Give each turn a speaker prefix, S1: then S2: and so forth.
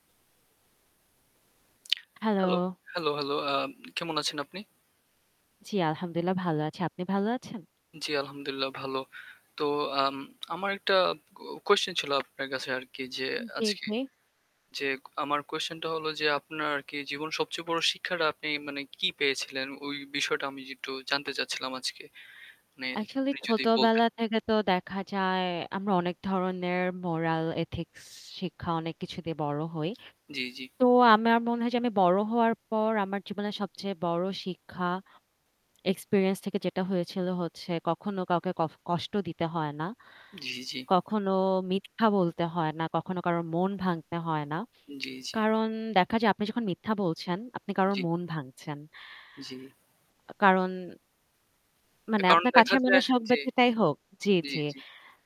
S1: Hello,
S2: hello.
S1: Hello, hello. আম কেমন আছেন আপনি?
S2: জ্বী, আলহামদুলিল্লাহ ভালো আছি। আপনি ভালো আছেন?
S1: জ্বী, আলহামদুলিল্লাহ ভালো। তো আম আমার একটা কো কোয়েশশান ছিল আপনার কাছে আরকি যে
S2: জি,
S1: আজকে
S2: জি।
S1: যে আমার কোয়েশশানটা হলো যে আপনার আরকি জীবনের সবচেয়ে বড় শিক্ষাটা আপনি মানে কি পেয়েছিলেন? ওই বিষয়টা আমি একটু জানতে চাচ্ছিলাম আজকে। মানে
S2: আসলেই
S1: আপনি যদি
S2: ছোটবেলা
S1: বলতেন।
S2: থেকে তো দেখা যায় আমরা অনেক ধরনের moral ethics শিক্ষা অনেক কিছু দিয়ে বড় হই।
S1: জ্বি, জ্বি।
S2: তো আমার মনে হয় যে আমি বড় হওয়ার পর আমার জীবনের সবচেয়ে বড় শিক্ষা experience থেকে যেটা হয়েছিল হচ্ছে কখনো কাউকে ক কষ্ট দিতে হয় না।
S1: জি, জি।
S2: কখনো মিথ্যা বলতে হয় না, কখনো কারো মন ভাঙতে হয় না।
S1: জ্বী, জ্বী।
S2: কারণ দেখা যায় আপনি যখন মিথ্যা বলছেন, আপনি কারো
S1: জ্বী।
S2: মন ভাঙছেন।
S1: জ্বি।
S2: আ কারণ মানে
S1: কারণ
S2: আপনার
S1: দেখা
S2: কাছের মানুষ
S1: যায়
S2: হোক বা
S1: জী।
S2: যেটাই হোক জ্বী,
S1: জী,
S2: জ্বী।
S1: জী।